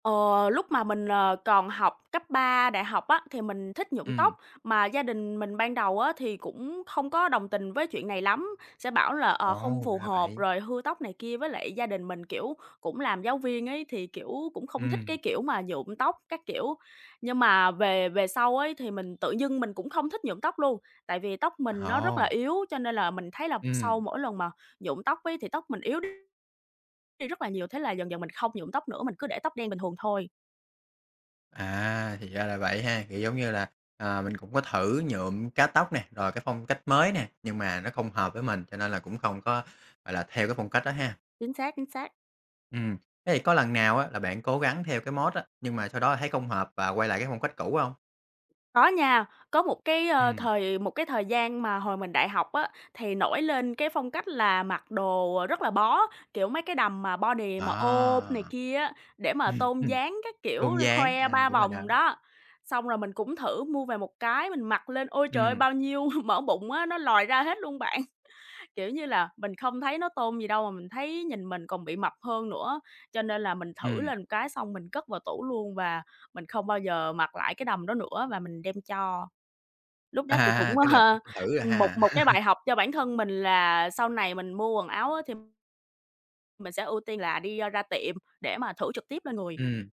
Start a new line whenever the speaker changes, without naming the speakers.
Ờ, lúc mà mình, ờ, còn học cấp 3, đại học á, thì mình thích nhuộm
Ừm.
tóc. Mà gia đình mình ban đầu á thì cũng không có đồng tình với chuyện này lắm, sẽ bảo là, ờ, không
Ồ,
phù
ra
hợp
vậy.
rồi hư tóc này kia. Với lại gia đình mình, kiểu, cũng làm giáo viên ấy thì, kiểu, cũng không thích
Ừm.
cái kiểu mà nhuộm tóc các kiểu. Nhưng mà về về sau ấy thì mình tự dưng mình cũng không thích nhuộm tóc luôn, tại vì tóc mình nó rất là
Ồ.
yếu cho nên là mình thấy là sau
Ừm.
mỗi lần mà nhuộm tóc ấy thì tóc mình yếu đi rất là nhiều. Thế là dần dần mình không nhuộm tóc nữa, mình cứ để tóc đen bình thường thôi.
À, thì ra là vậy ha, kiểu, giống như là, à, mình cũng có thử nhuộm, cắt tóc nè, rồi cái phong cách mới nè, nhưng mà nó không hợp với mình cho nên là cũng không có, gọi là, theo cái phong cách đó ha.
Chính xác, chính xác.
Ừm, thế thì có lần nào á là bạn cố gắng theo cái mốt á, nhưng mà sau đó thấy không hợp và quay lại cái phong cách cũ hông?
Có nha, có một cái, ơ,
Ừm.
thời một cái thời gian mà hồi mình đại học á, thì nổi lên cái phong cách là mặc đồ rất là bó, kiểu, mấy cái đầm mà body mà ôm này
À!
kia á, để mà
Ừm
tôn
hưm,
dáng các
tôn
kiểu, l
dáng,
khoe
à,
3
đúng rồi đó.
vòng đó. Xong rồi mình cũng thử mua về một cái mình mặc lên, ôi trời ơi,
Ừm.
bao nhiêu mỡ bụng á, nó lòi ra hết luôn bạn. Kiểu như là, mình không thấy nó tôn gì đâu mà mình thấy nhìn mình còn bị mập hơn nữa, cho nên là mình thử
Ừm.
lên một cái xong mình cất vào tủ luôn và mình không bao giờ mặc lại cái đầm đó nữa, và mình đem cho. Lúc đó thì cũng,
À, tức là cũng
ơ,
thử rồi
một
ha.
một cái bài học cho bản thân mình là sau này mình mua quần áo á thì mình sẽ ưu tiên là đi, a, ra tiệm để mà thử trực tiếp lên người.
Ừm.